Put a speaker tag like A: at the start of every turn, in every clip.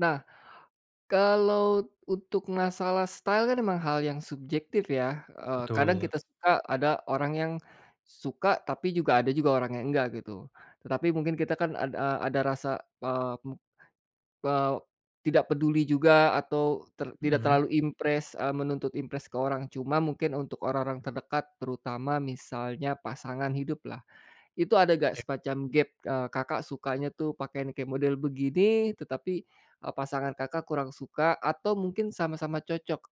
A: Nah, kalau untuk masalah style kan memang hal yang subjektif ya, eee, kadang
B: Betul.
A: kita suka, ada orang yang suka, tapi juga ada juga orang yang enggak gitu. Tetapi mungkin kita kan ad a ada rasa, eee, mem eee, tidak peduli juga atau, ter tidak
B: Mhm.
A: terlalu impress, e menuntut impress ke orang. Cuma mungkin untuk orang-orang terdekat, terutama misalnya pasangan hidup lah, itu ada nggak
B: E
A: semacam gap, eee, Kakak sukanya tuh pakaian model begini, tetapi, e pasangan Kakak kurang suka atau mungkin sama-sama cocok.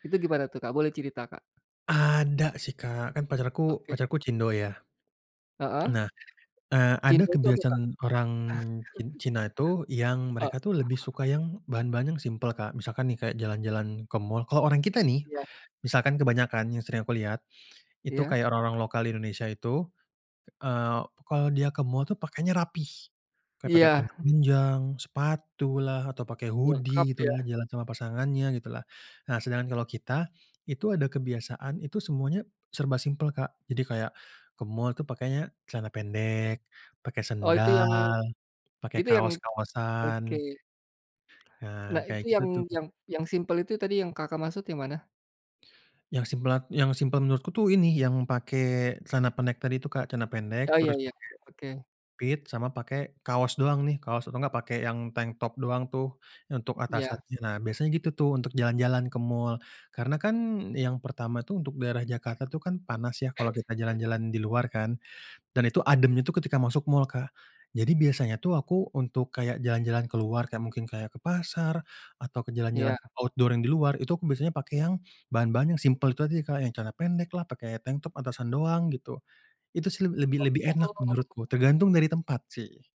A: Itu gimana tuh Kak, boleh cerita Kak?
B: Ada sih Kak, kan pacarku
A: Oke.
B: pacarku cindo ya.
A: Heeh.
B: Nah, eee, ada
A: Cindo tuh apa Kak?
B: kebiasaan orang cin Cina itu, yang
A: Eee.
B: mereka tuh lebih suka yang bahan-bahan yang simpel Kak. Misalkan nih kayak jalan-jalan ke mall kalau orang kita nih,
A: Iya.
B: misalkan kebanyakan yang sering aku lihat, itu
A: Iya.
B: kayak orang-orang lokal di Indonesia itu, eee, kalau dia ke mall itu pakainya rapi. Kayak pakai
A: Iya.
B: celana panjang, sepatu lah atau pakai
A: Lengkap
B: hoodie gitu lah,
A: ya.
B: jalan sama pasangannya gitu lah. Nah sedangkan kalau kita, itu ada kebiasaan itu semuanya serba simpel Kak. Jadi kayak ke mall tuh pakainya celana pendek, pakai
A: Oh itu yang
B: sendal, pakai
A: itu yang oke.
B: kaos-kaosan. Nah,
A: Nah
B: kayak
A: itu
B: gitu
A: yang
B: tuh.
A: yang yang simpel itu tadi yang Kakak maksud yang mana?
B: Yang simlat yang simpel menurutku tuh ini, yang pakai celana pendek-pendek itu Kak. Celana pendek,
A: Oh iya
B: terus
A: iya,
B: pake
A: oke.
B: pit, sama pakai kaos doang nih, kaos atau enggak pakai yang tanktop doang tuh, untuk
A: Iya.
B: atasannya. Nah biasanya gitu tuh, untuk jalan-jalan ke mall. Karena kan, yang pertama tuh untuk daerah Jakarta tuh kan panas ya, kalau kita jalan-jalan di luar kan, dan itu ademnya ketika masuk mall Kak. Jadi biasanya tuh aku untuk kayak jalan-jalan keluar kayak mungkin kayak ke pasar, atau jalan-jalan
A: Iya.
B: outdoor yang di luar, itu aku biasanya pakai yang, bahan-bahan yang simpel itu tadi Kak, yang celana pendeklah, pakai tanktop atasan doang, gitu. Itu sih leb lebih lebih
A: O
B: enak
A: oh.
B: menurutku, tergantung dari tempat sih.